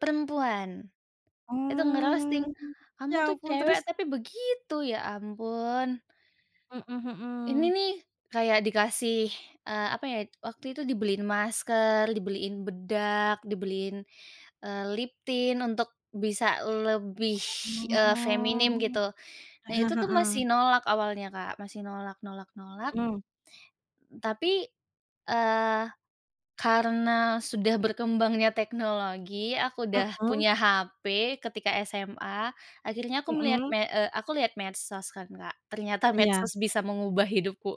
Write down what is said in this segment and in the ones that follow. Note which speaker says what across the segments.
Speaker 1: Perempuan. Itu nge-roasting,
Speaker 2: Oh.
Speaker 1: "Kamu
Speaker 2: Ya
Speaker 1: tuh
Speaker 2: ampun,
Speaker 1: cewek
Speaker 2: terus?
Speaker 1: tapi begitu. Ya ampun."
Speaker 2: Mhm
Speaker 1: Ini
Speaker 2: mhm.
Speaker 1: nih, kayak dikasih, eee, apa ya, waktu itu dibeliin masker, dibeliin bedak, dibeliin, eee, lip tint, untuk bisa lebih, eee, feminim
Speaker 2: Oh,
Speaker 1: gitu. Nah,
Speaker 2: heeh
Speaker 1: itu tu
Speaker 2: heeh.
Speaker 1: masih nolak awalnya, Kak, masih nolak nolak nolak.
Speaker 2: Mmm.
Speaker 1: Tapi, eee, karena sudah berkembangnya teknologi, aku udah
Speaker 2: Mhm.
Speaker 1: punya HP, ketika SMA, akhirnya aku melihat
Speaker 2: Mhm.
Speaker 1: me eee, aku lihat medsos kan, Kak. Ternyata
Speaker 2: Iya.
Speaker 1: medsos bisa mengubah hidupku.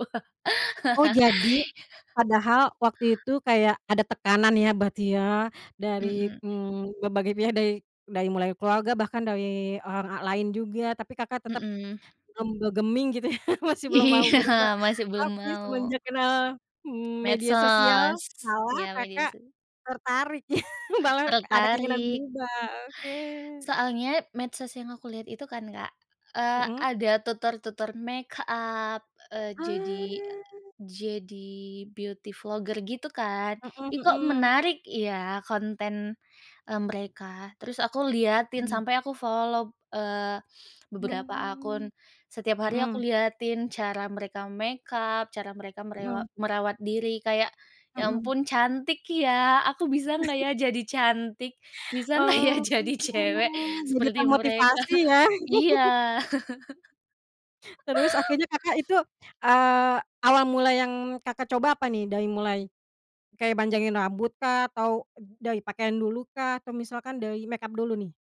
Speaker 2: Oh, jadi, padahal waktu itu, kayak ada tekanan ya, berarti ya, dari,
Speaker 1: Mhm.
Speaker 2: mmm, berbagai pihak, dari dari mulai keluarga, bahkan dari orang al lain juga, tapi Kakak tetep,
Speaker 1: Mhm.
Speaker 2: mmm, bergeming gitu, ya, masih belum mau
Speaker 1: Iya,
Speaker 2: berubah.
Speaker 1: masih belum
Speaker 2: Tapi,
Speaker 1: mau.
Speaker 2: semenjak kenal, mmm, media sosial,
Speaker 1: Medsos,
Speaker 2: malah
Speaker 1: iya media
Speaker 2: Kakak
Speaker 1: so
Speaker 2: tertarik ya, malah ada keinginan
Speaker 1: Tertarik.
Speaker 2: berubah, oke.
Speaker 1: Soalnya, medsos yang aku lihat itu, kan, Kak, eee,
Speaker 2: Mhm.
Speaker 1: ada tutor-tutor makeup, eee, jadi a
Speaker 2: Ah.
Speaker 1: jadi beauty vlogger gitu, kan.
Speaker 2: Mhm
Speaker 1: "Ih, kok
Speaker 2: mhm.
Speaker 1: menarik ya, konten, mmm, mereka," terus aku liatin
Speaker 2: Mmm.
Speaker 1: sampai, aku follow, eee, beberapa
Speaker 2: Oh,
Speaker 1: akun. Setiap hari aku
Speaker 2: mhm.
Speaker 1: liatin cara mereka makeup, cara mereka merewa
Speaker 2: Mhm.
Speaker 1: merawat diri, kayak, "Ya
Speaker 2: Mhm.
Speaker 1: ampun cantik ya. Aku bisa nggak ya jadi cantik? Bisa nggak ya,
Speaker 2: Oh,
Speaker 1: jadi cewek
Speaker 2: jadi
Speaker 1: seperti mereka?"
Speaker 2: termotivasi ya.
Speaker 1: Iya.
Speaker 2: Terus, akhirnya Kakak, itu, eee, awal mula yang Kakak coba apa nih? Dari mulai kayak panjangin rambut kah, atau dari pakaian dulu kah, atau misalkan dari makeup dulu, nih?